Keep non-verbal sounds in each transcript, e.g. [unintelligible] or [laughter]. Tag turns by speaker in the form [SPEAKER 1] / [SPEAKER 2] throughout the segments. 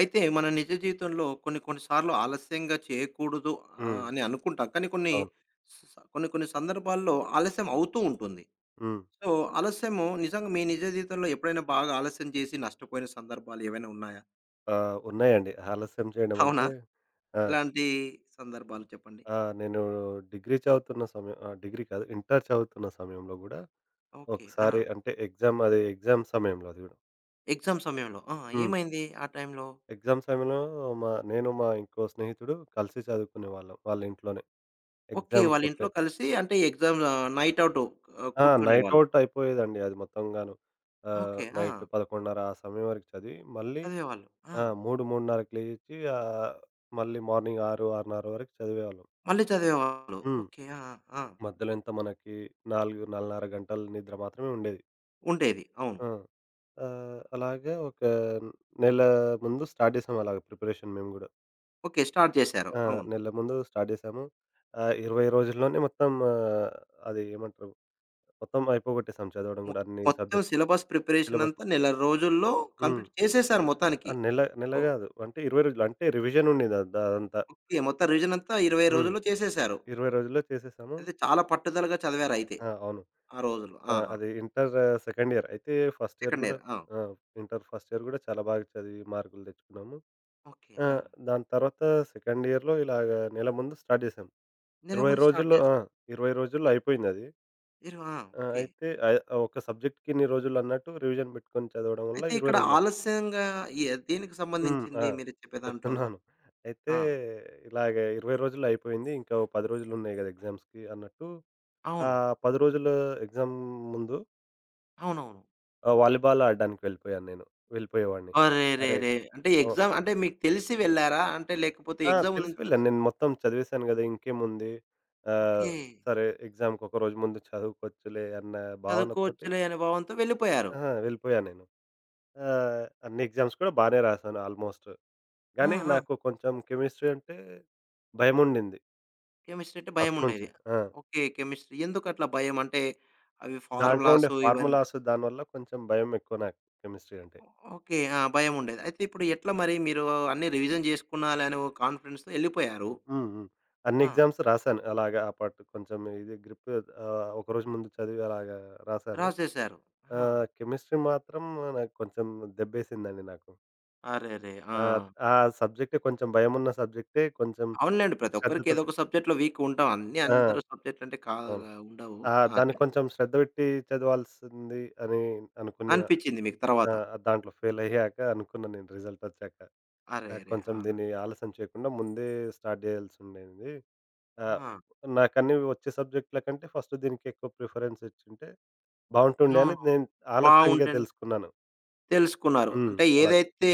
[SPEAKER 1] అయితే మన నిజ జీవితంలో కొన్ని కొన్ని సార్లు ఆలస్యంగా చేయకూడదు. ఆహ్,
[SPEAKER 2] హ్మ్.
[SPEAKER 1] అని అనుకుంటాం. కానీ కొన్ని
[SPEAKER 2] అవును.
[SPEAKER 1] స్ స కొన్ని కొన్ని సందర్భాల్లో ఆలస్యం అవుతూ ఉంటుంది.
[SPEAKER 2] హ్మ్.
[SPEAKER 1] సో ఆలస్యము నిజంగా మీ నిజ జీవితంలో ఎప్పుడైనా బాగా ఆలస్యం చేసి, నష్టపోయిన సందర్భాలేవైనా ఉన్నాయా?
[SPEAKER 2] ఆ! ఉన్నాయండి. ఆలస్యం
[SPEAKER 1] అవునా?
[SPEAKER 2] చేయడంమంటే ఆ!
[SPEAKER 1] ఎలాంటి సందర్భాలు చెప్పండి?
[SPEAKER 2] ఆ! నేనూ డిగ్రీ చదువుతున్న సమయం ఆ! డిగ్రీ కాదు. ఇంటరు చదువుతున్న సమయంలో కూడా,
[SPEAKER 1] ఓకే.
[SPEAKER 2] ఒకసారి
[SPEAKER 1] ఆ!
[SPEAKER 2] అంటే ఎగ్జామది ఎగ్జామ్ సమయంలో అది కూడా.
[SPEAKER 1] ఎగ్జామ్ సమయంలో. ఆ!
[SPEAKER 2] హ్మ్.
[SPEAKER 1] ఏమైంది ఆ టైంలో?
[SPEAKER 2] ఎగ్జామ్ సమయంలో. మా నేను మా ఇంకో స్నేహితుడు కలిసి చదువుకునేవాళ్ళం, వాళ్ళింట్లోనే.
[SPEAKER 1] ఓకే. వాళ్ళింట్లో
[SPEAKER 2] ఎగ్జామ్‌కొక
[SPEAKER 1] కలిసి, అంటే ఎగ్జామ్స్ నైట్ ఔట్ ఆహ్,
[SPEAKER 2] ఆ!
[SPEAKER 1] కూర్చునేేవాళ్ళు.
[SPEAKER 2] నైట్ఔట్ అయిపోయేదండి అది మొత్తంగాను. ఆహ్,
[SPEAKER 1] ఓకే.
[SPEAKER 2] నైట్
[SPEAKER 1] ఆ!
[SPEAKER 2] 11:30 ఆ సమయం వరకు చదివి, మళ్ళీ
[SPEAKER 1] చదివేవాళ్ళు. ఆ!
[SPEAKER 2] ఆహ్, 3 3:30కి లేచి, ఆహ్, మళ్ళీ మార్నింగ్ 6 6:30 వరకు చదివేవాళ్ళం.
[SPEAKER 1] మళ్ళీ చదివేవాళ్ళు.
[SPEAKER 2] హ్మ్.
[SPEAKER 1] ఓకే. ఆ! ఆ! ఆ!
[SPEAKER 2] మధ్యలో ఎంత మనకి 4, 4:30 గంటల నిద్ర మాత్రమే ఉండేది.
[SPEAKER 1] ఉండేవి. అవును.
[SPEAKER 2] ఆ! ఆహ్, అలాగా ఒక నెల ముందు స్టార్ట్ చేసాం అలాగ ప్రిపరేషన్ మేము గూడా.
[SPEAKER 1] ఓకే. స్టార్ట్ చేసారు.
[SPEAKER 2] ఆ!
[SPEAKER 1] అవును.
[SPEAKER 2] నెల ముందు స్టార్ట్ చేసాము. ఆహ్, 20 రోజుల్లోనే మొత్తం ఆహ్, అది ఏమంటరు? మొత్తం అయిపోగట్టేసాం చదవడం
[SPEAKER 1] మొ
[SPEAKER 2] కూడా అన్ని
[SPEAKER 1] మొత్తం
[SPEAKER 2] సబ్జెక్టులు.
[SPEAKER 1] Syllabus preparation
[SPEAKER 2] syllabus.
[SPEAKER 1] అంతా, నెల రోజుల్లో
[SPEAKER 2] హ్మ్.
[SPEAKER 1] కంప్లీట్ చేసేసారు మొత్తానికి.
[SPEAKER 2] ఆహ్, నేల, నేల
[SPEAKER 1] ఓహ్!
[SPEAKER 2] గాదు. అంటే 20 రోజులు అంటే, రివిజనుండే అదంతా.
[SPEAKER 1] ఓకె. మొత్తం రివిజనంతా 20
[SPEAKER 2] హ్మ్.
[SPEAKER 1] రోజుల్లో చేసేసారు.
[SPEAKER 2] 20 రోజుల్లో చేసేసాము.
[SPEAKER 1] అయితే చాలా పట్టుదలగా చదివారయితే.
[SPEAKER 2] ఆ! అవును.
[SPEAKER 1] ఆ రోజులో
[SPEAKER 2] ఆ!
[SPEAKER 1] ఆ! ఆ!
[SPEAKER 2] అది ఇంటర్ సెకండ్ ఇయర్. అయితే ఫస్ట్ ఇయర్
[SPEAKER 1] సెకండ్
[SPEAKER 2] కూడా
[SPEAKER 1] ఇయర్. ఆ!
[SPEAKER 2] ఆ! ఇంటర్ ఫస్ట్ ఇయర్ కూడా చాలా బాగా చదివి మార్కులు తెచ్చుకున్నాము.
[SPEAKER 1] ఓకే.
[SPEAKER 2] ఆ!
[SPEAKER 1] ఆ!
[SPEAKER 2] దాని తర్వాత సెకండ్ ఇయర్‌లో ఇలాగ నెల ముందు స్టార్ట్ చేసాం.
[SPEAKER 1] నేల
[SPEAKER 2] 20
[SPEAKER 1] ముందు స్టార్ట్
[SPEAKER 2] రోజుల్లో ఆ!
[SPEAKER 1] చేసారు.
[SPEAKER 2] 20 రోజుల్లో అయిపోయింది అది.
[SPEAKER 1] ఇరు ఆ!
[SPEAKER 2] ఆ!
[SPEAKER 1] ఓకే.
[SPEAKER 2] అయితే ఆహ్, ఒక సబ్జెక్ట్కిన్ని రోజులు అన్నట్టు రివిజన్ పెట్టుకొని చదవడం వల్ల
[SPEAKER 1] అయితే
[SPEAKER 2] 20
[SPEAKER 1] ఇక్కడ
[SPEAKER 2] రోజులకి
[SPEAKER 1] ఆలస్యంగా, ఈ దేనికి
[SPEAKER 2] హ్మ్. ఆ!
[SPEAKER 1] సంబంధించింది మీరు చెప్పే దాంట్లో?
[SPEAKER 2] చెప్తున్నాను. అయితే
[SPEAKER 1] ఆ!
[SPEAKER 2] ఇలాగ 20 రోజులు అయిపోయింది. ఇంకా ఓ 10 రోజులు ఉన్నాయి కదా! ఎగ్జామ్స్‌కి అన్నట్టు.
[SPEAKER 1] అవును.
[SPEAKER 2] ఆహ్, 10 రోజుల ఎగ్జామ్ ముందు
[SPEAKER 1] అవునవును.
[SPEAKER 2] ఆ! వాలీబాల్ ఆడడానికి వెళ్ళిపోయాను నేను. వెళ్ళిపోయేవాడిని. అరే!
[SPEAKER 1] అరేరేరే! అంటే
[SPEAKER 2] ఓ
[SPEAKER 1] ఎగ్జామ్ అంటే, మీకు తెలిసి వెళ్లారా? అంటే లేకపోతే,
[SPEAKER 2] ఆ!
[SPEAKER 1] ఎగ్జామ్
[SPEAKER 2] తెలిసి
[SPEAKER 1] ఉందని
[SPEAKER 2] వెెళ్ళా.
[SPEAKER 1] తెలిసి
[SPEAKER 2] నేను మొత్తం చదివేసాను కదా! ఇంకేముంది. ఆహ్,
[SPEAKER 1] ఓకే.
[SPEAKER 2] సరే ఎగ్జామ్‌కి ఒకరోజు ముందు చదువుకోచ్చులే, అన్న భావనతోటి.
[SPEAKER 1] చదువుకోవచ్చులే అని భావంతో వెళ్ళిపోయారు.
[SPEAKER 2] అహా, వెళ్ళిపోయాను నేను. ఆహ్, అన్ని ఎగ్జామ్స్ కూడా బానే రాసాను ఆల్మోస్ట్.
[SPEAKER 1] ఆ!
[SPEAKER 2] కానీ
[SPEAKER 1] ఆ!
[SPEAKER 2] నాకు కొంచెం కెమిస్ట్రీ అంటే భయముండింది.
[SPEAKER 1] కెమిస్ట్రీ అంటే
[SPEAKER 2] ఫస్ట్ నుంచే
[SPEAKER 1] భయముండేది.
[SPEAKER 2] ఆ!
[SPEAKER 1] ఓకే. కెమిస్ట్రీ. ఎందుకట్లా భయం? అంటే, అవి
[SPEAKER 2] దాంట్లో ఉండే
[SPEAKER 1] ఫార్మలాసు ఇవన్నీ
[SPEAKER 2] ఫార్ములాసు దానివల్ల కొంచెం భయం ఎక్కువ నాకు కెమిస్ట్రీ అంటే.
[SPEAKER 1] ఓ ఓకే. ఆ! భయముండేది. అయితే ఇప్పుడు ఎట్లా మరి మీరు అన్నీ రివిజన్ జేసుకున్నాలే, అనే ఓ కాన్ఫిడెన్స్‌తో ఎళ్ళిపోయారు.
[SPEAKER 2] హ్మ్. హ్మ్. అన్ని
[SPEAKER 1] ఆ!
[SPEAKER 2] ఎగ్జామ్స్ రాశాను. అలాగా ఆ పాటు కొంచెం ఇది గ్రిప్ ఆహ్, ఒకరోజు ముందు చదివి అలాగా రాశాను.
[SPEAKER 1] రాసేశారు. ఆ!
[SPEAKER 2] ఆహ్, కెమిస్ట్రీ మాత్రం నాకు కొంచెం దెబ్బేసిందండి నాకు.
[SPEAKER 1] అరేరే!
[SPEAKER 2] ఆ!
[SPEAKER 1] ఆ!
[SPEAKER 2] ఆ సబ్జెక్టే కొంచెం భయమున్న సబ్జెక్టే కొంచెం.
[SPEAKER 1] అవునులేండి. ప్రతి ఒక్కరికి
[SPEAKER 2] శ్రద్ధతోటి
[SPEAKER 1] ఏదోక సబ్జెక్ట్‌లో వీక్‌గా ఉంటాం. అన్ని
[SPEAKER 2] ఆ!
[SPEAKER 1] అందరు సబ్జెక్ట్‌లంటే
[SPEAKER 2] అవును.
[SPEAKER 1] కాదుగా. ఉండవు.
[SPEAKER 2] ఆ!
[SPEAKER 1] ఆ!
[SPEAKER 2] దాన్ని
[SPEAKER 1] చె
[SPEAKER 2] కొంచెం శ్రద్ధ బెట్టి చదవాల్సింది అని అనుకున్న.
[SPEAKER 1] అనిపిచ్చింది మీకు
[SPEAKER 2] ఆ!
[SPEAKER 1] తర్వాత.
[SPEAKER 2] దాంట్లో ఫెయిలయ్యాక అనుకున్నా నేను రిజల్టొచ్చాక. నాకు
[SPEAKER 1] అరేరే!
[SPEAKER 2] కొంచెం
[SPEAKER 1] ఆ!
[SPEAKER 2] దీన్ని ఆలస్యం చేయకుండా ముందే స్టార్ట్ జేయాల్సుండేంది. ఆ!
[SPEAKER 1] ఆ!
[SPEAKER 2] నాకన్నీ ఒచ్చే సబ్జెకటూల కంటే ఫస్ట్ దీనికి ఎక్కువ ప్రిఫరెన్స్ ఇచ్చుంటే బావుంటుండే,
[SPEAKER 1] ఆ!
[SPEAKER 2] అని నేను ఆలస్యంగా
[SPEAKER 1] బావుంటండి.
[SPEAKER 2] తెలుసుకున్నాను.
[SPEAKER 1] తెలుసుకున్నారు.
[SPEAKER 2] హ్మ్.
[SPEAKER 1] అంటే
[SPEAKER 2] అలాగ.
[SPEAKER 1] ఏదైతే,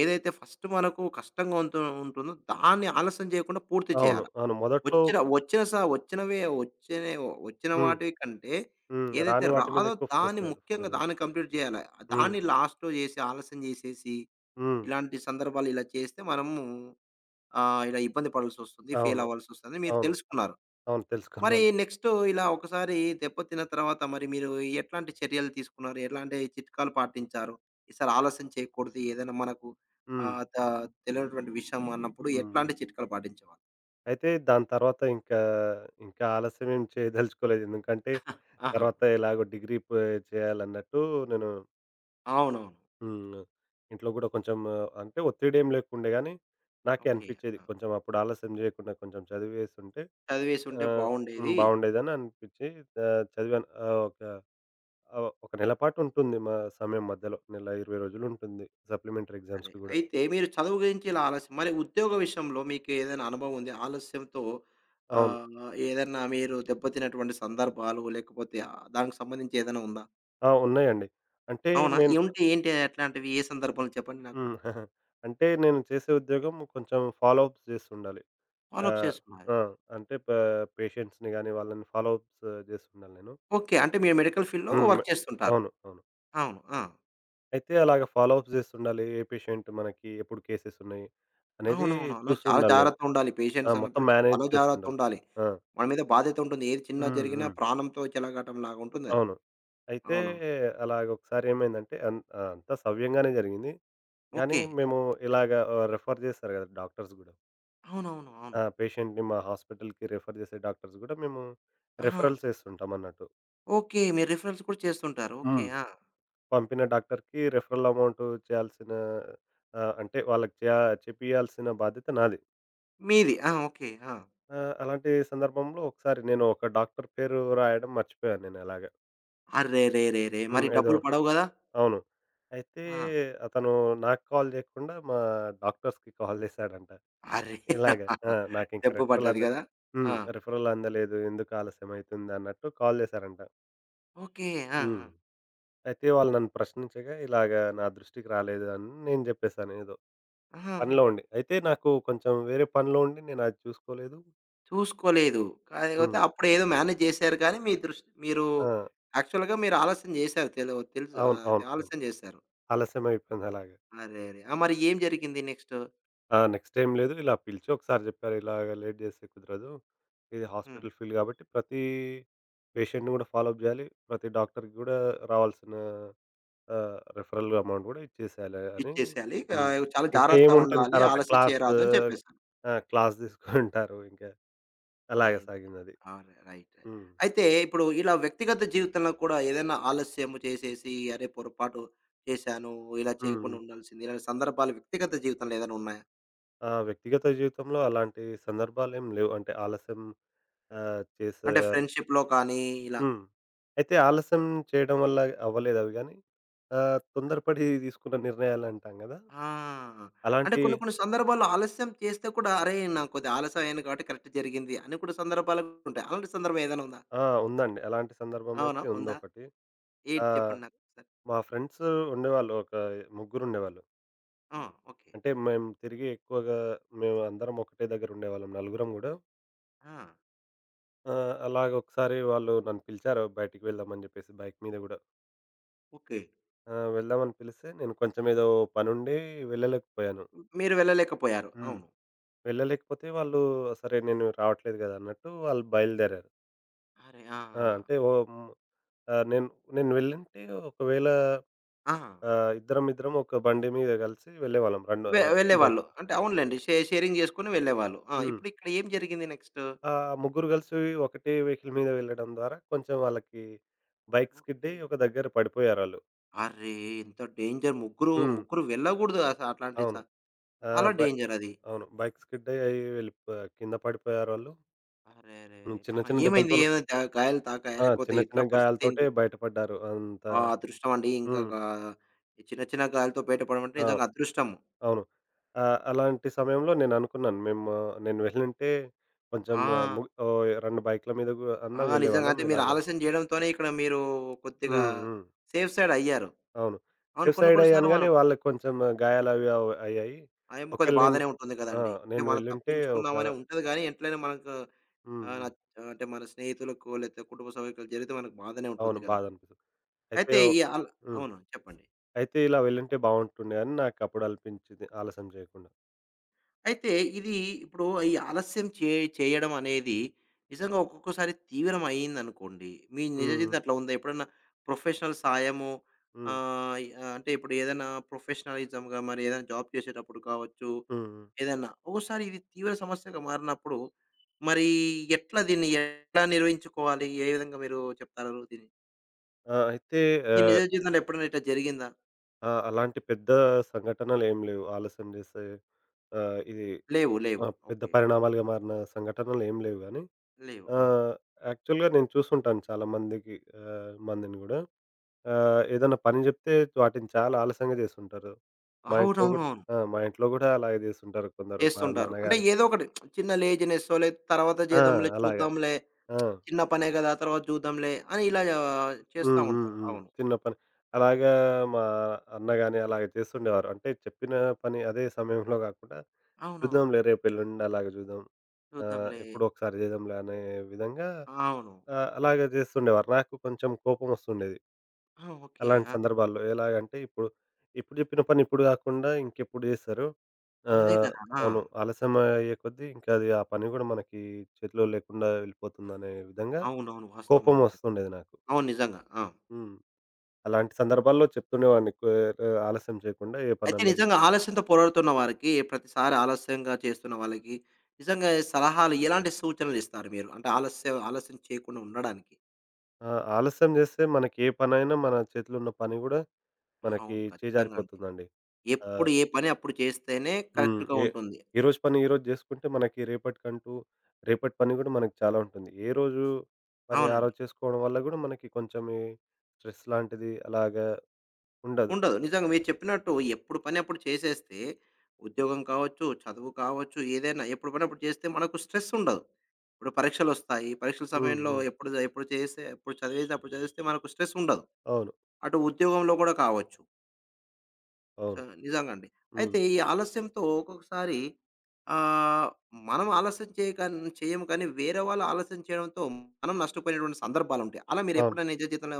[SPEAKER 1] ఏదైతే ఫస్టు మనకు కష్టంగా ఉంటు ఉంటుందో దాన్ని ఆలస్యం జేయకుండా పూర్తి
[SPEAKER 2] అవును.
[SPEAKER 1] చేయాలా.
[SPEAKER 2] అవును. మొదట్లో
[SPEAKER 1] ఒచ్చిన ఒచ్చిన సా ఒచ్చినవే ఒచ్చిన ఒచ్చిన
[SPEAKER 2] హ్మ్.
[SPEAKER 1] వాటి కంటే,
[SPEAKER 2] హ్మ్.
[SPEAKER 1] ఏదైతే
[SPEAKER 2] రాని వాటి మీద
[SPEAKER 1] రాదో
[SPEAKER 2] ఎక్కువ
[SPEAKER 1] దాన్ని
[SPEAKER 2] ఫోసా
[SPEAKER 1] ముఖ్యంగా
[SPEAKER 2] ఫోకస్ జేయ్యాలి.
[SPEAKER 1] దాన్ని కంప్లీట్ జేయాల.
[SPEAKER 2] హ్మ్.
[SPEAKER 1] దాన్ని లాస్ట్‌లో జేసి ఆలస్యం జేసేసి
[SPEAKER 2] హ్మ్.
[SPEAKER 1] ఇలాంటి సందర్భాలు ఇలా చేస్తే మనము-ఆహ్, ఇలా ఇబ్బంది పడాల్సొస్తది.
[SPEAKER 2] అవును.
[SPEAKER 1] ఫెయిలవ్వాల్సొస్తది మీరు
[SPEAKER 2] అవును.
[SPEAKER 1] తెలుసుకున్నారు.
[SPEAKER 2] అవును.
[SPEAKER 1] మరి
[SPEAKER 2] తెలుసుకున్నాను.
[SPEAKER 1] నెక్స్టు ఇలా ఒకసారి దెప్పతిన తర్వాత మరి మీరు ఎట్లాంటి చర్యలు తీసుకున్నారు? ఎలాంటి చిట్కాలు పాటించారు? ఈసారి ఆలస్యం చేయకూడదు ఏదైనా మనకు
[SPEAKER 2] హ్మ్.
[SPEAKER 1] ఆహ్, త తెలవనటువంటి విషయం అన్నప్పుడు
[SPEAKER 2] హ్మ్.
[SPEAKER 1] ఎట్లాంటి చిట్కాలు పాటిచ్చేవాళ్ళు?
[SPEAKER 2] అయితే దాని తర్వాత ఇంకా ఇంకా ఆలస్యం ఏం చేదలుచుకోలేదు. ఎందుకంటే
[SPEAKER 1] [giggles] ఆహా!
[SPEAKER 2] తర్వాత ఇలాగో డిగ్రీ పో చేయాలన్నట్టు నేను
[SPEAKER 1] అవునవును.
[SPEAKER 2] హ్మ్. ఇంట్లో కూడా కొంచెం అంటే ఒత్తిడేం లేకుండే గానీ. నాకే
[SPEAKER 1] ఓకే.
[SPEAKER 2] అనిపించేది.
[SPEAKER 1] ఆ!
[SPEAKER 2] కొంచెం అప్పుడు ఆలస్యం చేయకుండా కొంచెం చదివేసుంటే. ఆ!
[SPEAKER 1] చదివేసుంటే
[SPEAKER 2] హ్మ్
[SPEAKER 1] బాగుండేది.
[SPEAKER 2] బాగుండేదని అనిపించి. ఆహ్, చదివాను ఆహ్, ఒక ఆ ఒక నెల పాటు ఉంటుంది. మా సమయం మధ్యలో. నెల 20 రోజులు ఉంటుంది. సప్లిమెంటరీ
[SPEAKER 1] అరే!
[SPEAKER 2] ఎగ్జామ్స్‌కి కూడా.
[SPEAKER 1] అయితే మీరు చదువు గురించి ఇలా ఆలస్యం. మరి ఉద్యోగ విషయంలో మీకు ఏదైనా అనుభవం ఉంది. ఆలస్యంతో
[SPEAKER 2] అవును.
[SPEAKER 1] ఆహ్, ఏదన్నా మీరు దెబ్బతినటువంటి సందర్భాలు, లేకపోతే ఆహ్, దానికి సంబంధించి ఏదైనా ఉందా?
[SPEAKER 2] ఆ! ఉన్నాయండి. అంటే
[SPEAKER 1] అవునా?
[SPEAKER 2] నేను
[SPEAKER 1] ఏంటి ఏంటి? ఎట్లాంటివి? ఏ సందర్భంలో చెప్పండి నాకు?
[SPEAKER 2] హ్మ్. [giggles] అంటే నేను చేసే ఉద్యోగం కొంచెం ఫాలో అప్స్ చేస్తుండాలి.
[SPEAKER 1] ఫాలో అప్
[SPEAKER 2] ఆహ్,
[SPEAKER 1] చేసుకోవాలి.
[SPEAKER 2] ఆ! అంటే ప పేషెంట్స్‌ని గాని వాళ్ళని ఫాలో అప్స్ చేసిండాలి నేను.
[SPEAKER 1] ఓకే. అంటే మీరు మెడికల్ ఫీల్డ్‌లో
[SPEAKER 2] హ్మ్. మె
[SPEAKER 1] వర్క్ చేస్తుంటారు.
[SPEAKER 2] అవును. అవును.
[SPEAKER 1] అవును. ఆ!
[SPEAKER 2] అయితే అలాగా ఫాలో అప్స్ చేస్తుండాలి. ఏ పేషంట్ మనకి ఎప్పుడు కేసెస్ ఉన్నాయి? అనేది
[SPEAKER 1] అవునవును అవును. చాలా
[SPEAKER 2] చూస్తుండలి నేను.
[SPEAKER 1] జాగ్రత్తుండాలి.
[SPEAKER 2] ఆ!
[SPEAKER 1] పేషెంట్స్
[SPEAKER 2] మొత్తం
[SPEAKER 1] అన్నప్పుడు
[SPEAKER 2] మేనేజ్
[SPEAKER 1] చాలా
[SPEAKER 2] చేసుండాలి.
[SPEAKER 1] జాగ్రత్తుండాలి.
[SPEAKER 2] ఆ!
[SPEAKER 1] మన మీద బాధ్యత ఉంటుంది. ఏది చిన్న జరిగినా
[SPEAKER 2] హుహు.
[SPEAKER 1] ప్రాణంతో చలఘటంలాగా ఉంటుందది.
[SPEAKER 2] అవును. అయితే
[SPEAKER 1] అవును.
[SPEAKER 2] అలాగొకసారి ఏమైందంటే. అన్ అంత సవ్యంగానే జరిగింది. కానీ
[SPEAKER 1] ఓకే. ఆ!
[SPEAKER 2] మేము ఇలాగ ఆ రిఫర్ చేస్తారు కదా! డాక్టర్స్ గూడా.
[SPEAKER 1] అవునవును. అవును.
[SPEAKER 2] ఆ! పేషెంట్‌ని మా హాస్పిటల్‌కి రిఫర్ చేసే డాక్టర్స్ కూడా మేము
[SPEAKER 1] ఆహా!
[SPEAKER 2] రిఫరల్స్ ఏస్తుంటామన్నట్టు.
[SPEAKER 1] ఓకే. మీరు రిఫరెన్స్ కూడా చేస్తుంటారు. ఓకే.
[SPEAKER 2] హ్మ్.
[SPEAKER 1] ఆ!
[SPEAKER 2] పంపిన డాక్టరుకి రిఫరల్ అమౌంట్ చేయాల్సిన ఆ! అంటే వాళ్ళకి చేయ చేపియాల్సిన బాధ్యత నాది.
[SPEAKER 1] మీది. ఆ! ఓకే. ఆ!
[SPEAKER 2] ఆ! అలాంటి సందర్భంలో ఒకసారి నేను ఒక డాక్టరు పేరు రాయడం మర్చిపోయాను నేను అలాగ.
[SPEAKER 1] అర్రెరెరేరే! మరి
[SPEAKER 2] హ్మ్. ఏదో
[SPEAKER 1] డబ్బులు పడవు గదా!
[SPEAKER 2] అవును. అయితే
[SPEAKER 1] ఆ!
[SPEAKER 2] అతను నాకు కాల్ చేయకుండా మా డాక్టర్స్‌కి కాల్ [giggles] జేశాడంట.
[SPEAKER 1] అరే!
[SPEAKER 2] ఇలాగ, ఆ!
[SPEAKER 1] [chuckles]
[SPEAKER 2] "నాకింకా
[SPEAKER 1] దెబ్బ
[SPEAKER 2] రిఫరల్
[SPEAKER 1] పడ్డాది
[SPEAKER 2] అంద
[SPEAKER 1] గదా! ఆ!
[SPEAKER 2] హ్మ్. రిఫరల్ అందలేదు. ఎందుకు ఆలస్యమైతుంది?" అన్నట్టు కాల్ చేశారంట.
[SPEAKER 1] ఓకే. ఆ!
[SPEAKER 2] హ్మ్.
[SPEAKER 1] ఆ!
[SPEAKER 2] అయితే వాళ్ళు నన్ను ప్రశ్నించగా, "ఇలాగ నా దృష్టికి రాలేదు" అని నేను జెప్పేసాను ఏదో
[SPEAKER 1] ఆహా!
[SPEAKER 2] పనిలో
[SPEAKER 1] అవు
[SPEAKER 2] ఉండి. అయితే, నాకు కొంచెం వేరే పనిలో ఉండి నేనది చూసుకోలేదు.
[SPEAKER 1] చూసుకోలేదు. కాకపోతే
[SPEAKER 2] హ్మ్.
[SPEAKER 1] అప్పుడేదో మేనేజ్ జేశారు కానీ, మీ ద్రుష్ మీరు
[SPEAKER 2] ఆ!
[SPEAKER 1] యాక్చువల్‌గా మీరు ఆలస్యం చేశారు తెలు తెలుసు ఆహ్,
[SPEAKER 2] అవును,
[SPEAKER 1] అది
[SPEAKER 2] అవును, అవును.
[SPEAKER 1] ఆలస్యం జేశారు.
[SPEAKER 2] ఆలస్యం అయిపొయింది అలాగా.
[SPEAKER 1] అరేరే! ఆ! మరి ఏం జరిగింది నెక్స్టు?
[SPEAKER 2] ఆ! నెక్స్ట్ ఏం లేదు. ఇలా పిలిచి ఒకసారి జెప్పారు, "ఇలాగ లేట్ జేస్తే కుదరదు. ఇది
[SPEAKER 1] హ్మ్.
[SPEAKER 2] హాస్పిటల్ ఫీల్డ్ గాబట్టి ప్రతీ పేషెంట్‌ని గూడా ఫాలో‌అప్ జేయాలి. ప్రతి డాక్టరుకి గూడా రావాల్సిన ఆహ్, రిఫరల్ అమౌంట్ గూడా ఇచ్చేసెయాల" అని
[SPEAKER 1] ఇచ్చేసేయాలి. ఇక
[SPEAKER 2] హ్మ్.
[SPEAKER 1] చాలా
[SPEAKER 2] ఇంకా ఏముంటుంది?
[SPEAKER 1] జాగ్రత్తగుండాలి.
[SPEAKER 2] తర్వాత
[SPEAKER 1] ఆలస్యం
[SPEAKER 2] క్లాసూ
[SPEAKER 1] చేయరాదు అని చెప్పేసారు.
[SPEAKER 2] ఆ! క్లాస్ [giggles] దీసుకుంటారు ఇంక. అలాగ
[SPEAKER 1] అయితే
[SPEAKER 2] సాగందది.
[SPEAKER 1] అవును. రైట్. రె
[SPEAKER 2] హ్మ్.
[SPEAKER 1] అయితే, ఇప్పుడు ఇలా వ్యక్తిగత జీవితంలో కూడా ఏదైనా ఆలస్యము చేసేసి, అరే పొరపాటు చేశాను. ఇలా
[SPEAKER 2] హ్మ్,
[SPEAKER 1] చేయకుండా
[SPEAKER 2] హ్మ్.
[SPEAKER 1] ఉండాల్సింది. ఇలాంటి సందర్భాలు వ్యక్తిగత జీవితంలో ఏదైనా ఉన్నాయా?
[SPEAKER 2] ఆ! వ్యక్తిగత జీవితంలో అలాంటి సందర్భాలేం లేవు అంటే ఆలస్యం. ఆహ్, చేసే
[SPEAKER 1] అంటే
[SPEAKER 2] యార్
[SPEAKER 1] ఫ్రెండ్‌షిప్‌లో కానీ ఇలా.
[SPEAKER 2] హ్మ్. అయితే ఆలస్యం చేయడం వల్ల అవ్వలేదా అవి గాని? ఆ తొందరపడి తీసుకున్న నిర్ణయాలు అంటాం గదా!
[SPEAKER 1] ఆ! అంటే
[SPEAKER 2] అలాంటి
[SPEAKER 1] కొన్ని కొన్ని సందర్భాల్లో ఆలస్యం చేస్తే కూడా అరేయ్! నాకు కొద్ది ఆలస్యం అయిన కాబట్టి కరెక్ట్ జరిగింది. అని కొన్ని సందర్భాలు కూడా ఉంటాయి. అలాంటి సందర్భం ఏదైనా ఉందా?
[SPEAKER 2] ఆ! ఉందండి. అలాంటి
[SPEAKER 1] అవునా
[SPEAKER 2] సందర్భమైతే
[SPEAKER 1] ఉందా?
[SPEAKER 2] ఉందొకటి. ఆ!
[SPEAKER 1] ఏటి చెప్పండి నాకు ఒకసారి.
[SPEAKER 2] మా ఫ్రెండ్స్ ఉండేవాళ్ళు. ఒక ముగ్గురు ఉండేవాళ్ళు.
[SPEAKER 1] ఆ! ఓకే.
[SPEAKER 2] అంటే మేం తిరిగి ఎక్కువగా మేము అందరం ఒకటే దగ్గర ఉండేవాళ్ళం నలుగురం కూడా.
[SPEAKER 1] ఆ!
[SPEAKER 2] ఆ! అలాగ ఒకసారి వాళ్ళు నన్ను పిలిచారు బయటికి వెళ్దాం అని చెప్పేసి బైక్ మీద కూడా.
[SPEAKER 1] ఓకే.
[SPEAKER 2] ఆ! వెళ్దామని పిలిస్తే, నేను కొంచెం ఏదో పనుండి వెళ్ళలేకపోయాను.
[SPEAKER 1] మీరు వెళ్ళలేకపోయారు.
[SPEAKER 2] హ్మ్.
[SPEAKER 1] అవును.
[SPEAKER 2] వెళ్ళలేకపోతే వాళ్ళు సరే నేను రావట్లేదు గదా! అన్నట్టు వాళ్ళు బయలుదేరారు.
[SPEAKER 1] అరే! ఆ!
[SPEAKER 2] ఆ!
[SPEAKER 1] ఆ!
[SPEAKER 2] అంటే ఓ హ్మ్. ఆ! నేను నేను వెళ్ళంటే ఒకవేళ
[SPEAKER 1] ఆహా!
[SPEAKER 2] ఆహ్, ఇద్దరం ఇద్దరం ఒక బండి మీద కలిసి వెళ్ళేవాళ్ళం. బన్
[SPEAKER 1] వె
[SPEAKER 2] ఆహ్, బైక్.
[SPEAKER 1] వెళ్ళేవాళ్ళు. అంటే అవునులేండి. షే షేరింగ్ చేసుకొని వెళ్ళేవాళ్ళు. ఆ!
[SPEAKER 2] హ్మ్.
[SPEAKER 1] ఇప్పుడు ఇక్కడ ఏం జరిగింది నెక్స్టు?
[SPEAKER 2] ఆహ్, ముగ్గురు కలిసి ఒకటే వెహికల్ మీద వెళ్ళడం ద్వారా కొంచెం వాళ్ళకి బైక్ స్కిడ్
[SPEAKER 1] ఓకే.
[SPEAKER 2] ఒక దగ్గర పడిపోయారాళ్ళు.
[SPEAKER 1] అరే! ఎంత డేంజర్. ముగ్గురు
[SPEAKER 2] హ్మ్.
[SPEAKER 1] ముగ్గురు వెళ్ళగూడదు. అసట్లాంటి స
[SPEAKER 2] అవును. ఆ!
[SPEAKER 1] చాలా
[SPEAKER 2] బా
[SPEAKER 1] డేంజరది.
[SPEAKER 2] అవును. బైక్ స్కిడ్ అయ్యి వెళ్ళిపోయా కింద పడిపోయారోళ్ళు. హ్మ్.
[SPEAKER 1] ఆరేరేరే! ఆ!
[SPEAKER 2] చిన్న, చిన్న
[SPEAKER 1] ఏమైంది?
[SPEAKER 2] దెబ్బలతోను
[SPEAKER 1] ద గాయలు తాకాయ,
[SPEAKER 2] ఆ!
[SPEAKER 1] లేకపోతే
[SPEAKER 2] చిన్న, చిన్న
[SPEAKER 1] ఎట్లా
[SPEAKER 2] గాయాలతోటే
[SPEAKER 1] పరిస్థితేంటి?
[SPEAKER 2] బయటపడ్డారు. అంత
[SPEAKER 1] ఆ! అదృష్టం అండి.
[SPEAKER 2] హ్మ్.
[SPEAKER 1] ఇంకక ఈ చిన్న చిన్న గాయలాతో బయట పడమంటే,
[SPEAKER 2] అవు
[SPEAKER 1] నిజంగా అదృష్టం.
[SPEAKER 2] అవును. ఆహ్, అలాంటి సమయంలో నేను అనుకున్నాను. మేము నేను [chuckles] వెళ్ళుంటే, కొంచెం
[SPEAKER 1] ఆ!
[SPEAKER 2] ముగ ఓహ్! 2 బైక్ల మీదగూ
[SPEAKER 1] ఆ!
[SPEAKER 2] అన్నా
[SPEAKER 1] నిజంగా.
[SPEAKER 2] వెళ్ళేవాళ్ళం
[SPEAKER 1] అంటే, మీరు
[SPEAKER 2] ఇలాగ.
[SPEAKER 1] ఆలస్యం జేయడంతోనే ఇక్కడ మీరు కొద్దిగా,
[SPEAKER 2] హ్మ్. హ్మ్.
[SPEAKER 1] సేఫ్ సైడయ్యారు.
[SPEAKER 2] అవును.
[SPEAKER 1] అవును. కొన్ని, కొన్ని
[SPEAKER 2] సేఫ్సైడయ్యాను
[SPEAKER 1] సార్లు
[SPEAKER 2] గానీ,
[SPEAKER 1] మనం
[SPEAKER 2] వాళ్ళకి కొంచెం గాయాలవి అవ అయ్యాయి.
[SPEAKER 1] అయం కొద్ది
[SPEAKER 2] ఒకవేళ నేను
[SPEAKER 1] బాధనే ఉంటుంది
[SPEAKER 2] ఆ!
[SPEAKER 1] కదండీ! అంటే,
[SPEAKER 2] నేను
[SPEAKER 1] మనం
[SPEAKER 2] వెళ్ళుంటే ఒక
[SPEAKER 1] తప్పించుకుందామనే ఉంటది గానీ, ఎట్లైన మనకు
[SPEAKER 2] హ్మ్.
[SPEAKER 1] ఆ!
[SPEAKER 2] హ్మ్.
[SPEAKER 1] నచ్చ అంటే, మన స్నేహితులకు, లేతే కుటుంబ సభ్యులకు జరిగితే మనకు బాధనే ఉంటుంది
[SPEAKER 2] అవును.
[SPEAKER 1] కదా!
[SPEAKER 2] బాధనిపిస్తది. అయితే,
[SPEAKER 1] అయితే
[SPEAKER 2] ఓహ్!
[SPEAKER 1] ఈ అల
[SPEAKER 2] హ్మ్.
[SPEAKER 1] అవునా? చెప్పండి.
[SPEAKER 2] అయితే, ఇలా వెళ్ళుంటే బావుంటుండేని, నాకప్పుడు అనిపించింది ఆలస్యం జేయకుండా.
[SPEAKER 1] అయితే, ఇది ఇప్పుడు, ఈ ఆలస్యం చే చేయడం అనేది, నిజంగా ఒక్కొక్కోసారి తీవ్రం అయిందనుకోండి, మీ
[SPEAKER 2] హ్మ్.
[SPEAKER 1] నిజజివితం
[SPEAKER 2] హ్మ్.
[SPEAKER 1] అట్లుందా? ఎప్పుడన్నా ప్రొఫెషనల్ సాయము,
[SPEAKER 2] హ్మ్.
[SPEAKER 1] ఆహ్, ఈ అంటే, ఇప్పుడేదైనా ప్రొఫెషనలిజంగా మరి ఏదైనా జాబ్ చేసేటప్పుడు కావచ్చు,
[SPEAKER 2] హ్మ్. హ్మ్.
[SPEAKER 1] ఏదన్నా ఒక్కోసారి ఇది తీవ్ర సమస్యగా మారినప్పుడు, మరి ఎట్లా దీన్ని ఎట్లా నిర్వహించుకోవాలి? ఏ విధంగా మీరు చెప్తారు దీన్ని?
[SPEAKER 2] ఆ! అయితే
[SPEAKER 1] మీ నిజ
[SPEAKER 2] ఆహ్
[SPEAKER 1] జీవితంలో ఎప్పుడైనా ఇట్టా జరిగిందా?
[SPEAKER 2] ఆ! అలాంటి పెద్ద సంఘటనలేం లేవు ఆలస్యం జేసేవి. ఆ! ఇది.
[SPEAKER 1] లేవు. లేవు.
[SPEAKER 2] ఆహ్, పెద్ద
[SPEAKER 1] ఓకే.
[SPEAKER 2] పరిణామాలుగా మారిన సంఘటనలేం లేవు గానీ.
[SPEAKER 1] లేవు. ఆ!
[SPEAKER 2] ఆహ్, యాక్చువల్‌గా నేను చూసుంటాను చాలామందికి ఆహ్, మందిని గూడా. ఆహ్, ఏదన్నా పని జెప్తే వాటిని చాలా ఆలస్యంగా జేస్తుంటారు. మా ఇంట్లో గూడా
[SPEAKER 1] [unintelligible]
[SPEAKER 2] ఆ! మా ఇంట్లో గూడా అలాగే జేస్తుంటారు కొందరు, మా
[SPEAKER 1] చేస్తుంటారు. అంటే,
[SPEAKER 2] నాన్నగారు.
[SPEAKER 1] ఏదో ఒకటి [smacks lips] చిన్న లేజీనెస్సో లేతే తర్వాత
[SPEAKER 2] ఆ!
[SPEAKER 1] జేద్దాంలే,
[SPEAKER 2] అలాగా.
[SPEAKER 1] చూద్దాంలే,
[SPEAKER 2] ఆ!
[SPEAKER 1] [smacks lips] చిన్న పనే గదా! తర్వాత జూద్దాంలే అని ఇలా చేస్తా ఉంటారు.
[SPEAKER 2] హు.హు.హు.
[SPEAKER 1] అవును.
[SPEAKER 2] చిన్న పని. అలాగా మా అన్న గాని అలాగ చేస్తుండేవారు. అంటే చెప్పిన పని అదే సమయంలో గాకుండా,
[SPEAKER 1] అవునవును.
[SPEAKER 2] చూద్దాంలే రేపెళ్ళుండి అలాగా జూద్దాం. ఆహ్,
[SPEAKER 1] చూద్దాంలే.
[SPEAKER 2] ఎప్పుడో ఒకసారి జేద్దాంలే అనే విధంగా
[SPEAKER 1] ఆ! అవును.
[SPEAKER 2] ఆహ్, అలాగా జేస్తుండేవారు. నాకు కొంచెం కోపం వస్తుండేది.
[SPEAKER 1] ఆ! ఓకే.
[SPEAKER 2] అలాంటి
[SPEAKER 1] ఆ!
[SPEAKER 2] సందర్భాల్లో ఎలాగంటే ఇప్పుడు, ఇప్పుడు జెప్పిన పని ఇప్పుడు గాకుండా ఇంకెప్పుడు జేస్తారు?
[SPEAKER 1] అదే
[SPEAKER 2] ఆహ్,
[SPEAKER 1] కదా!
[SPEAKER 2] అవును.
[SPEAKER 1] ఆ!
[SPEAKER 2] ఆలస్యమయ్యే కొద్ది ఇంకది ఆ పని గూడా మనకి చేతిలో లేకుండా వెళ్ళిపోతుందనే విధంగా
[SPEAKER 1] అవునవును.
[SPEAKER 2] కోపం
[SPEAKER 1] వాస్తవమండి అది.
[SPEAKER 2] వస్తుండేది నాకు.
[SPEAKER 1] అవును. నిజంగా! ఆ!
[SPEAKER 2] హ్మ్. అలాంటి సందర్భాల్లో చెప్తుండేవాడిని కుఎ ఆలస్యం జేయకుండా ఏ
[SPEAKER 1] అయితే
[SPEAKER 2] పనన్నా జేయి.
[SPEAKER 1] నిజంగా ఆలస్యంతో పోరాడుతున్న వారికి ప్రతిసారి ఆలస్యంగా చేస్తున్న వాళ్ళకి నిజంగా సలహాలు, ఎలాంటి సూచనలిస్తారు మీరు? అంటే, ఆలస్య ఆలస్యం చేయకుండా ఉండడానికి?
[SPEAKER 2] ఆ! ఆలస్యం చేస్తే మనకి ఏ పనైనా మన చేతిలో ఉన్న పని కూడా, మనకి
[SPEAKER 1] అవును. ఖచ్చితంగా అండి.
[SPEAKER 2] చేజారిపోతుందండి. ఆ!
[SPEAKER 1] ఎప్పుడు ఏ పని అప్పుడు చేస్తేనే
[SPEAKER 2] హ్మ్.
[SPEAKER 1] కరెక్ట్‌గా
[SPEAKER 2] ఏ
[SPEAKER 1] ఉంటుంది.
[SPEAKER 2] ఈ రోజు పని ఈ రోజు చేసుకుంటే మనకి, రేపటికంటూ రేపటి పని కూడా మనకు చాలా ఉంటుంది. ఏరోజు పని ఆ
[SPEAKER 1] అవునండి.
[SPEAKER 2] రోజు చేసుకోవడం వల్ల కూడా మనకి కొంచెం ఈ స్ట్రెస్ లాంటిది అలాగా ఉండదు.
[SPEAKER 1] ఉండదు. నిజంగా మీరు చెప్పినట్టు ఎప్పుడు పనప్పుడు చేసేస్తే ఉద్యోగం కావచ్చు, చదువు కావచ్చు, ఏదైనా ఎప్పుడు పని అప్పుడు చేస్తే, మనకు స్ట్రెసుండదు. ఇప్పుడు పరీక్షలొస్తాయి. ఈ పరీక్షల
[SPEAKER 2] హ్మ్.
[SPEAKER 1] సమయంలో
[SPEAKER 2] హ్మ్.
[SPEAKER 1] ఎప్పుడు, ఎప్పుడు చేసే ఎప్పుడు చదివేది అప్పుడు చదివిస్తే మనకు స్ట్రెసుండదు.
[SPEAKER 2] అవును.
[SPEAKER 1] అటు ఉద్యోగంలో కూడా కావచ్చు.
[SPEAKER 2] అవును.
[SPEAKER 1] ఆ! నిజంగా అండి. అయితే
[SPEAKER 2] హ్మ్.
[SPEAKER 1] ఈ ఆలస్యంతో, ఒక్కొక్కసారి ఆహ్, మనం ఆలస్యం చేయకన్ చేయమ కానీ, వేరే వాళ్ళు ఆలస్యం చేయడంతో, మనం నష్టపోయినటువంటి సందర్భాలుంటాయి. అలా
[SPEAKER 2] అవును.
[SPEAKER 1] మీరెప్పుడైనా నిజజీవితంలో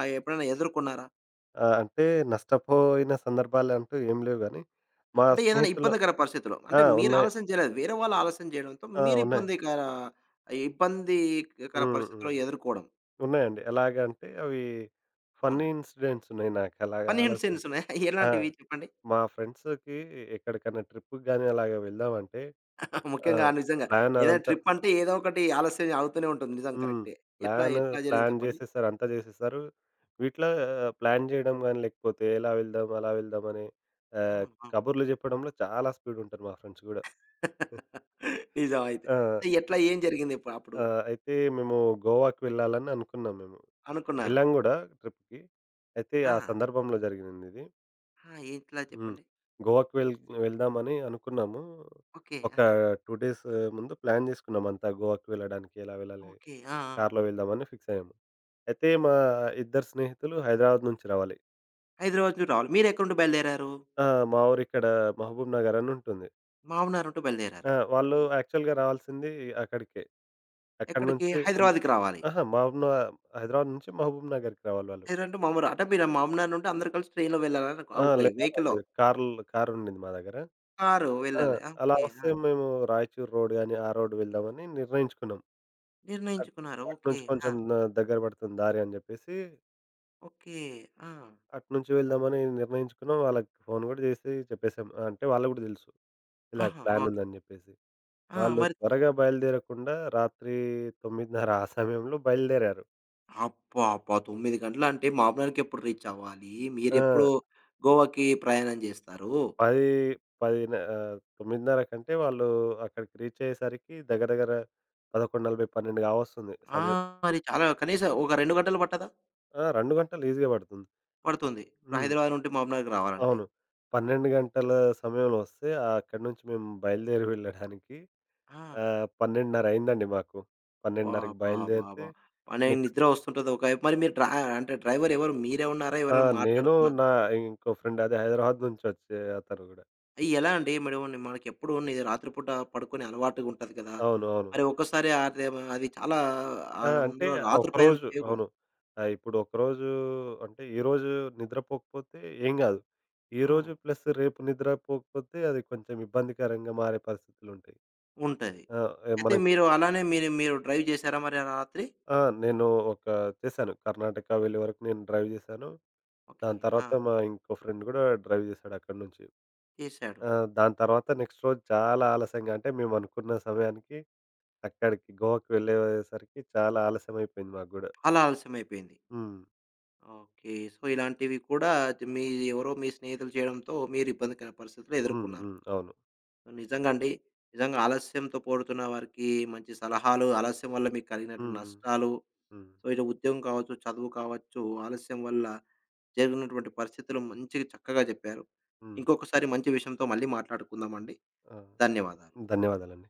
[SPEAKER 1] ఆహ్, ఎప్పుడైనా ఎదుర్కొన్నారా?
[SPEAKER 2] ఆ! అంటే నష్టపోయిన సందర్భాలంటూ ఏం లేవుగాని, మా
[SPEAKER 1] అంటే ఏదైనా
[SPEAKER 2] స్నేహితుల
[SPEAKER 1] ఇబ్బందికర పరిస్థితిలో.
[SPEAKER 2] ఆ!
[SPEAKER 1] అంటే మీరు
[SPEAKER 2] ఉన్నాయి.
[SPEAKER 1] ఆలస్యం చేయలేదు. వేరే వాళ్ళు ఆలస్యం చేయడంతో
[SPEAKER 2] ఆ!
[SPEAKER 1] మీరు
[SPEAKER 2] ఉన్నాయి.
[SPEAKER 1] ఇబ్బందికర ఇబ్బందికర
[SPEAKER 2] హ్మ్.
[SPEAKER 1] పరిస్థితిలు
[SPEAKER 2] హ్మ్.
[SPEAKER 1] ఎదుర్కోవడం?
[SPEAKER 2] ఉన్నాయండి. ఎలాగంటే అవి కొన్ని ఫన్నీ
[SPEAKER 1] అవునండి.
[SPEAKER 2] ఇన్సిడెంట్స్ ఉన్నాయి నాకు ఎలాగా
[SPEAKER 1] ఫన్నీ
[SPEAKER 2] ఆలోస
[SPEAKER 1] ఇన్సిడెంట్సున్నాయి
[SPEAKER 2] ఆ!
[SPEAKER 1] ఎలాంటివి చెప్పండి?
[SPEAKER 2] మా ఫ్రెండ్స్‌కి ఎక్కడికైనా ట్రిప్ గాని, అలాగా వెళ్దామంటే
[SPEAKER 1] [chuckles] ముఖ్యంగా,
[SPEAKER 2] ఆహ్,
[SPEAKER 1] నిజంగా ఏదైనా
[SPEAKER 2] ప్లానదంతా
[SPEAKER 1] ట్రిప్ అంటే ఏదో ఒకటి ఆలస్యం అవుతూనే ఉంటుంది నిజం,
[SPEAKER 2] హ్మ్.
[SPEAKER 1] కరెక్టే. ఎట్లా?
[SPEAKER 2] ప్లాను,
[SPEAKER 1] ఎట్లా జరిగింది
[SPEAKER 2] ప్లాన్
[SPEAKER 1] చెప్పండి?
[SPEAKER 2] జేసేసారు, అంతా జేసేసారు. వీటిలో ఆహ్, ప్లాన్ చేయడం గాని, లేకపోతే ఎలా వెళ్దాం, అలా వెళ్దామని, ఆహ్,
[SPEAKER 1] అవును. అవును.
[SPEAKER 2] కబుర్లు చెప్పడంలో చాలా స్పీడుంటారు మా ఫ్రెండ్స్ కూడా.
[SPEAKER 1] [laughs] నిజం అయితే.
[SPEAKER 2] ఆహ్, ఆ!
[SPEAKER 1] ఎట్లా ఏం జరిగింది ఇప్పుడు అప్పుడు?
[SPEAKER 2] ఆ! అయితే మేము గోవాకి వెళ్ళాలని అనుకున్నాం మేము.
[SPEAKER 1] అనుకున్నారు.
[SPEAKER 2] వెళ్ళాం కూడా ట్రిప్‌కి అయితే ఆ
[SPEAKER 1] ఆ!
[SPEAKER 2] సందర్భంలో జరిగినిందిది.
[SPEAKER 1] ఆ! ఏట్లా
[SPEAKER 2] హ్మ్.
[SPEAKER 1] చెప్పండి?
[SPEAKER 2] గోవాకి వెళ్ వెళ్దామని అనుకున్నాము.
[SPEAKER 1] ఓకే.
[SPEAKER 2] ఒక
[SPEAKER 1] ఆ!
[SPEAKER 2] ఆహ్, 2 డేస్ ముందు ప్లాను చేసుకున్నాం అంతా, గోవాకి వెళ్ళడానికి ఎలా వెళ్ళాలి?
[SPEAKER 1] ఓకే. ఆ! ఆ!
[SPEAKER 2] కారు‌లో వెళ్దామని ఫిక్స్ అయ్యాము. అయితే మా ఇద్దరు స్నేహితులు హైదరాబాద్ నుంచి రావాలి.
[SPEAKER 1] హైదరాబాద్ నుంచి రావాలి. మీరేక్కడ నుండి బయలుదేరారు?
[SPEAKER 2] ఆ! మా ఊరిక్కడ ఆహ్, మహబూబ్ నగర్ అని ఉంటుంది.
[SPEAKER 1] మహబూబ్ నగర్ అంటూ బయలుదేరారు.
[SPEAKER 2] ఆ! వాళ్ళు
[SPEAKER 1] ఓకే.
[SPEAKER 2] యాక్చువల్‌గా రావాల్సింది అక్కడికే. ఎక్కడి
[SPEAKER 1] ఎక్కడికి
[SPEAKER 2] నుంచి హమ్
[SPEAKER 1] హైదరాబాద్‌కి రావాలి.
[SPEAKER 2] అహా! మబూబ హైదరాబాద్ నుంచి మహబూబ్ నగర్‌కి రావాలి వాళ్ళు.
[SPEAKER 1] లేరంటే మామూారు అంటే మీరు మహబూబ్ నగర్‌ నుండి అందరూ కలిసి ట్రైన్‌లో వెళ్ళార
[SPEAKER 2] ఆ!
[SPEAKER 1] ఓకే
[SPEAKER 2] లే
[SPEAKER 1] వెహికల్‌లో.
[SPEAKER 2] కార్‌ల్ కారు ఉండింది మా దగ్గర.
[SPEAKER 1] కారు
[SPEAKER 2] ఆ!
[SPEAKER 1] వెళ్ళాలి.
[SPEAKER 2] అలా
[SPEAKER 1] ఓకే.
[SPEAKER 2] వస్తే
[SPEAKER 1] ఆ!
[SPEAKER 2] మేము రాయచూర్ రోడ్ గాని ఆ రోడ్ వెళ్దామని నిర్ణయించుకున్నాం. అట్
[SPEAKER 1] నిర్ణయించుకున్నారు. ఓకే.
[SPEAKER 2] అట్నుంచి ఆ
[SPEAKER 1] ఆ!
[SPEAKER 2] కొంచెందగ్గర పడుతుంది దారి అని జెప్పేసి.
[SPEAKER 1] ఓకే. ఆ!
[SPEAKER 2] అటు నుంచి వెళ్దామని నిర్ణయించుకున్నాం వాళ్ళకి ఫోన్ కూడా చేసి చెప్పేసాం ఆహ్, అంటే వాళ్ళకి కూడా తెలుసు. ఇలాగ
[SPEAKER 1] ఆహా!
[SPEAKER 2] Plan
[SPEAKER 1] okay.
[SPEAKER 2] ఉందని చెప్పేసి.
[SPEAKER 1] ఆ!
[SPEAKER 2] వాళ్ళు
[SPEAKER 1] మరిత
[SPEAKER 2] త్వరగా బయలుదేరకుండా రాత్రి 9:30 ఆ సమయంలో బయలుదేరారు.
[SPEAKER 1] అబ్బా అబ్బా! 9 గంటలు అంటే మహబూబ్ నగర్‌ ఎప్పుడు రీచ్ అవ్వాలి? మీరెప్పుడు
[SPEAKER 2] ఆ!
[SPEAKER 1] గోవాకి ప్రయాణం జేస్తారు.
[SPEAKER 2] పది పదిన్నర ఆహ్, 9:30 కంటే వాళ్ళు అక్కడికి రీచ్ అయ్యేసరికి దగ్గర, దగ్గర 11:40, 12గా వస్తుంది
[SPEAKER 1] ఆ!
[SPEAKER 2] సమయం.
[SPEAKER 1] మరి చాలా కనీసం ఒక 2 గంటలు పట్టదా?
[SPEAKER 2] ఆ! 2 గంటలు ఈజీగా పడుతుంది.
[SPEAKER 1] పడుతుంది. ఇప్పుడు
[SPEAKER 2] హ్మ్.
[SPEAKER 1] హైదరాబాద్ నుండి మహబూబ్ నగర్ రావాలంటే.
[SPEAKER 2] అవును. 12 గంటల సమయంలో వస్తే, ఆ అక్కడి నుంచి మేము బయలుదేరి వెళ్ళడానికి. ఆ!
[SPEAKER 1] ఆ!
[SPEAKER 2] 12:30 అయిందండి మాకు. 12:30కి బయలుదేరితే.
[SPEAKER 1] బాబ్బాబాబా! బలే
[SPEAKER 2] నెక్స్ట్
[SPEAKER 1] నిద్ర వస్తుంటది. ఒకవైపు మరి మీరు డ్ర అంటే డ్రైవర్ ఎవరు మీరే ఉన్నారా?
[SPEAKER 2] ఆ!
[SPEAKER 1] ఎవరైనా
[SPEAKER 2] నేను
[SPEAKER 1] మాట్లాడుకున్నార?
[SPEAKER 2] నా ఇంకో ఫ్రెండ్ అదే హైదరాబాద్ నుంచి వచ్చే అతను కూడా.
[SPEAKER 1] ఎలా అండి [unintelligible] మేడమ మనకేప్పుడు ఇది రాత్రి పూట పడుకొని అలవాటుగా ఉంటది కదా!
[SPEAKER 2] అవును అవును.
[SPEAKER 1] మరి ఒక్కోసారి ఆరిదే అది చాలా ఆ
[SPEAKER 2] ఆ! అంటే
[SPEAKER 1] ముందులో
[SPEAKER 2] ఆ
[SPEAKER 1] రాత్రి ప్రయాణం
[SPEAKER 2] ఒకరోజు
[SPEAKER 1] చేయకూడదు.
[SPEAKER 2] అవును. ఆహ్, ఇప్పుడు ఒకరోజు అంటే ఈరోజు నిద్రపోకపోతే ఏం కాదు. ఈరోజు
[SPEAKER 1] అవును.
[SPEAKER 2] ప్లస్ రేపు నిద్రపోకపోతే అది కొంచెం ఇబ్బందికరంగా మారే పరిస్థితులుంటాయి.
[SPEAKER 1] ఉంటది.
[SPEAKER 2] ఆ! ఏ
[SPEAKER 1] అయితే
[SPEAKER 2] మనం
[SPEAKER 1] మీరు అలానే మీరు మీరు డ్రైవ్ చేసారా మరి ఆ రాత్రి?
[SPEAKER 2] ఆ! నేను ఒక చేసాను. కర్ణాటక వెళ్ళే వరకు నేను డ్రైవ్ చేసాను.
[SPEAKER 1] ఓకే.
[SPEAKER 2] దాని తర్వాత
[SPEAKER 1] ఆ!
[SPEAKER 2] మా ఇంకో ఫ్రెండ్ కూడా డ్రైవ్ చేసాడు అక్కడి నుంచి.
[SPEAKER 1] చేసాడు.
[SPEAKER 2] ఆ! దాని తర్వాత నెక్స్ట్ రోజు చాలా ఆలస్యంగా అంటే మేమనుకున్న సమయానికి అక్కడికి గోవకి వెళ్ళేయేసరికి చాలా ఆలస్యం అయిపోయింది మాకు గూడా.
[SPEAKER 1] అలా అలసమైపోయింది.
[SPEAKER 2] హ్.
[SPEAKER 1] ఓకే. సో, ఇలాంటివి కూడా మీ ఎవరో మీ స్నేహితులు చేయడంతో మీరు ఇబ్బందికరైన పరిస్థితులు
[SPEAKER 2] హ్మ్.
[SPEAKER 1] ఎదుర్కొన్నారు.
[SPEAKER 2] హ్మ్. అవును.
[SPEAKER 1] నిజంగా అండి. నిజంగా ఆలస్యంతో పోడుతున్న వారికి మంచి సలహాలు, ఆలస్యం వల్ల మీకు కలిగినటువంటి
[SPEAKER 2] హ్మ్.
[SPEAKER 1] నష్టాలు.
[SPEAKER 2] హ్మ్.
[SPEAKER 1] సో, ఇలా ఉద్యోగం కావచ్చు, చదువు కావచ్చు, ఆలస్యం వల్ల జరిగినటువంటి పరిస్థితులు మంచిగా చక్కగా చెప్పారు.
[SPEAKER 2] హ్మ్.
[SPEAKER 1] ఇంకొకసారి మంచి విషయంతో మళ్ళీ మాట్లాడుకుందామండి.
[SPEAKER 2] ఆ!
[SPEAKER 1] ధన్యవాదాలు.
[SPEAKER 2] ధన్యవాదాలండి.